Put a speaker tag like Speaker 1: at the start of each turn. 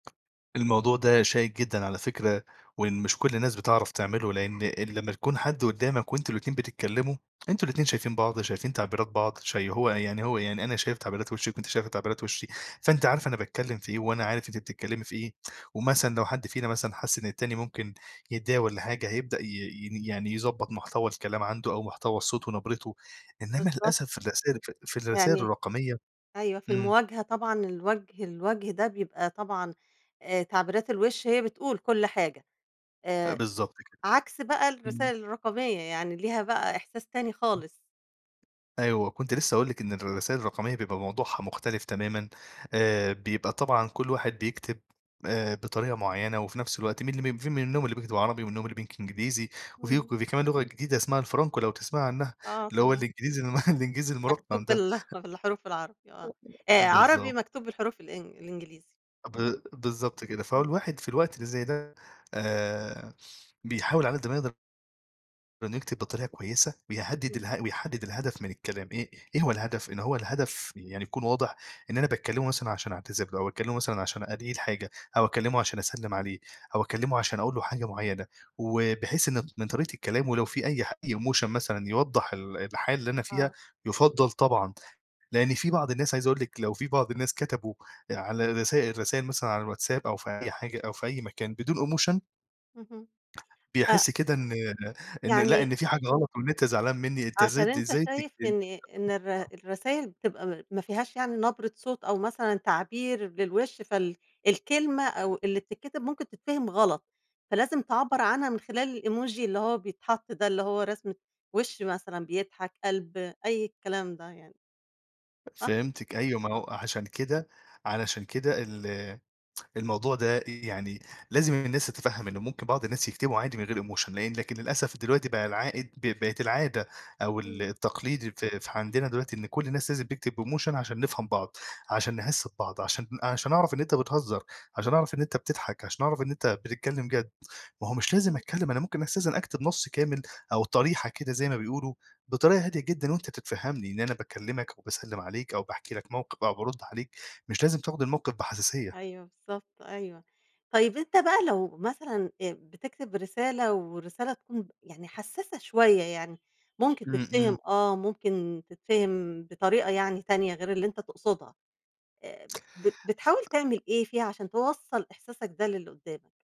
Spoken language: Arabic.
Speaker 1: الموضوع ده شائِك جدًا على فكرة وإن مش كل الناس بتعرف تعمله لإن ال لمّا تكون حد قدّامك وأنتم الاتنين بتتكلّموا، أنتم الاتنين شايفين بعض وشايفين تعبيرات بعض شي هو يعني هو يعني أنا شايف تعبيرات وِشِّك وأنتِ شايفة تعبيرات وِشّي، فأنتِ عارفة أنا باتكلّم في إيه، وأنا عارف أنتِ بتتكلّمي في إيه، ومثلًا لو حد فينا مثلًا حَس إن التاني ممكن يتضايق والّا حاجة هيبدأ ي يني يعني يضبّط محتوى الكلام عنده أو محتوى الصوت ونَبرِتُه. إنّما
Speaker 2: بالضبط.
Speaker 1: للأسف في الرسايل ف في الرسايل
Speaker 2: يعني
Speaker 1: الرقمية
Speaker 2: أيوه. في
Speaker 1: إمم.
Speaker 2: المواجهة طبعًا الوجه الوجه ده بيبقى طبعًا آآ تعبيرات الوِش هي بتقول كل حاجة،
Speaker 1: أ
Speaker 2: آآ
Speaker 1: بالضبط كده.
Speaker 2: عكس بقى
Speaker 1: إمم.
Speaker 2: الرسايل الرقمية. يعني ليها بقى إحساس تاني
Speaker 1: إمم.
Speaker 2: خالص.
Speaker 1: أيوه. وكنت
Speaker 2: إمم.
Speaker 1: لسّه هاقول لِك إن الرسايل الرقمية بيبقى موضوعها مختلف تمامًا. آآ بيبقى طبعًا كل واحد بيكتب آآ بطريقة معيّنة وفي نَفس الوقت من الم من في منهم اللي بيكتب عربي ومنهم اللي بينك إنجليزي وفي وك
Speaker 2: إمم.
Speaker 1: وفي كمان لغة جديدة اسمها الفرانكو لو تسمعي عنّها،
Speaker 2: آه
Speaker 1: اللي هو
Speaker 2: تمام.
Speaker 1: الإنجليزي المه الإنجليزي المُرقَّم
Speaker 2: مكتوب
Speaker 1: ده.
Speaker 2: بله بالحروف العربي
Speaker 1: أ
Speaker 2: آه.
Speaker 1: أ
Speaker 2: آآ عربي
Speaker 1: بالضبط.
Speaker 2: مكتوب بالحروف الإنج الإنجليزي. إمم.
Speaker 1: ب بالضبط كده. فهو
Speaker 2: إمم.
Speaker 1: الواحد في الوقت اللي زي ده آآ بيحاول علي قد ما يقدر إنّه يكتب بطريقة كويسة ويهدّد
Speaker 2: إمم.
Speaker 1: ال ويحدّد الهدف من الكلام إيه، إيه هو الهدف؟ إن هو الهدف ي يعني يكون واضح إن أنا باكلّمه مثلًا عشان أعتذر له أو أكلمه مثلًا عشان [unintelligible] حاجة أو أكلّمه عشان أسلّم عليه أو أكلّمه عشان أقول له حاجة معيّنة وباحس إن من طريقة كلامه لو في أي حا أي emotion مثلًا يوضّح ال الحالة اللي أنا فيها
Speaker 2: آه.
Speaker 1: يُفضّل طبعًا، لإن في بعض الناس عايزة أقول لِك لو في بعض الناس كتبوا آآ على الرسا الرسايل مثلًا على الواتساب أو في أي حاجة أو في أي مكان بدون emotion
Speaker 2: اهم. أ
Speaker 1: بيحس كده إن إن لأ،
Speaker 2: يعني
Speaker 1: إن في حاجة غلط وإن أنت زعلان منّي، أنت إزاي
Speaker 2: عشان
Speaker 1: د
Speaker 2: أنت
Speaker 1: إزاي تك
Speaker 2: شايف إن إن الر
Speaker 1: [unintelligible]
Speaker 2: الرسايل بتبقى م ما فيهاش يعني نبرة صوت أو مثلًا تعبير للوِش فال الكلمة أو اللي بتتكتب ممكن تتفهم غلط، فلازم تعبّر عنها من خلال الemoji اللي هو بيتحَط ده اللي هو رسمة وِش مثلًا بيضحك، قَلْب، أي الكلام ده يعني. صح؟
Speaker 1: فهمتِك أيوه. ما هو
Speaker 2: آه.
Speaker 1: أ عشان كده علشان كده ال الموضوع ده أ يعني لازم الناس تتفهَّم إن ممكن بعض الناس يكتبوا عادي من غير emotion. لإن لكن للأسف دلوقتي بقى العائد ب بقت العادة أو ال
Speaker 2: إمم.
Speaker 1: التقليدي في في عندنا دلوقتي إن كل الناس لازم تكتب بemotion عشان نفهم بعض، عشان نحِس ببعض، عشان ن عشان أعرف إن أنت بتهزّر، عشان أعرف إن أنت بتضحك، عشان أعرف إن أنت بتتكلّم جَد. ما هو مش لازم
Speaker 2: إمم.
Speaker 1: أتكلّم أنا ممكن أستأذن أكتب نَص كامل أو طريحة كده زي ما بيقولوا بطريقة هادية جدًا وأنت تتفهَّمني إن أنا باكلّمك وباسلِّم عليك أو باحكي لك موقف أو بارُد عليك، مش لازم تاخُد الموقف بحساسية.
Speaker 2: أيوه، بالضبط أيوه. طيب أنت بقى لو مثلًا أ بتكتب رسالة والرسالة تكون ب يعني حسّاسة شوية، يعني ممكن
Speaker 1: إمم، إمم.
Speaker 2: تتفهم آه ممكن تتفهم بطريقة يعني تانية غير اللي أنت تقصدها، آآ ب بتحاول
Speaker 1: ف
Speaker 2: تعمل إيه فيها عشان توصَّل إحساسك ده للي قُدّامك؟